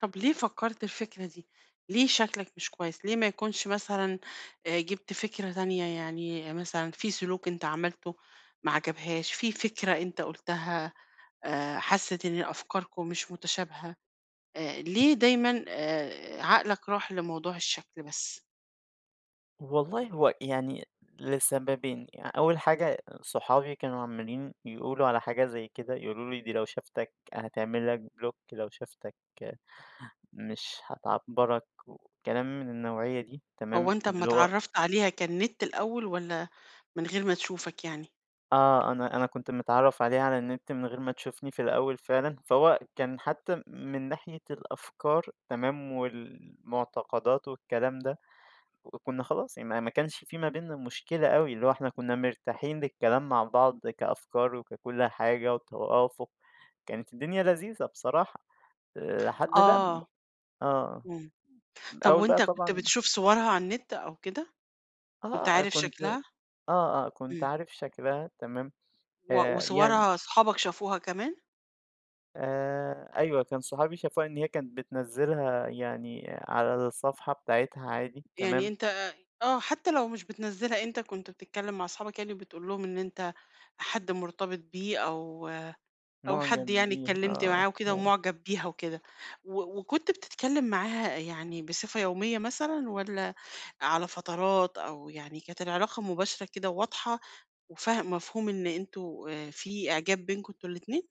طب ليه فَكَّرت الفكرة دي؟ ليه شكلك مش كويس، ليه ما يكونش مثلًا آآ جِبت فكرة تانية، يعني مثلًا في سُلوك أنت عملتُه ما عجبهاش، في فكرة أنت قُلتها آآ حَسِّت إن أفكاركم مش مُتشابهة، آآ ليه دايمًا آآ عقلك راح لموضوع الشَّكل بس؟ والله هو يعني لسببين يع أول حاجة أ صحابي كانوا عمَّالين يقولوا على حاجة زي كده، يقولوا لي: "دي لو شافتك هتعمل لك بلوك، لو شافتك مش هتعبّرك." وكلام من النوعيَّة دي تمام، هو أنت أمّا اللي هو اتعرّفت عليها كان نت الأول، والّا من غير ما تشوفك يعني؟ آه، أنا أنا كُنت متعرّف عليها على النِّت، من غير ما تشوفني في الأول فعلًا، فهو كان حتى م من ناحية الأفكار تمام، والمُعتقدات والكلام ده، وكُنّا خلاص يعني ما ما كانش في ما بينّا مُشكلة أوي، اللي هو إحنا كُنّا مرتاحين للكلام مع بعض كأفكار وككُلّ حاجة وتوافق، كانت الدنيا لذيذة بصراحة، لحد لمّا آه، آه، إمم، م من طب أول بقى وأنت كُنت طبعًا بتشوف صورها على النِّت أو كده؟ آه، كنت آه أ عارف كُنت شكلها؟ آه، آه كُنت إمم. عارف شكلها تمام، و آآ يعني وصورها صحابك شافوها كمان؟ آآ أيوه، كان صحابي شافوها إن هي كانت بتنزّلها يعني على الصفحة بتاعتها عادي، يعني تمام؟ أنت أ أ آه، حتى لو مش بتنزِّلها، أنت كُنت بتتكلّم مع اصحابك يعني وبتقول لهم إن أنت حد مُرتبط بيه، أو أو حد مُعجب يعني بيها اتكلّمت آه، معاه وكده آه. ومُعجب بيها وكده، و وكنت بتتكلّم معاها يعني بصفة يوميَّة مثلًا، والّا على فترات، أو يعني كانت العلاقة مباشرة كده وواضحة، وفاه مفهوم إن أنتم آآ في إعجاب بينكم أنتم الاتنين؟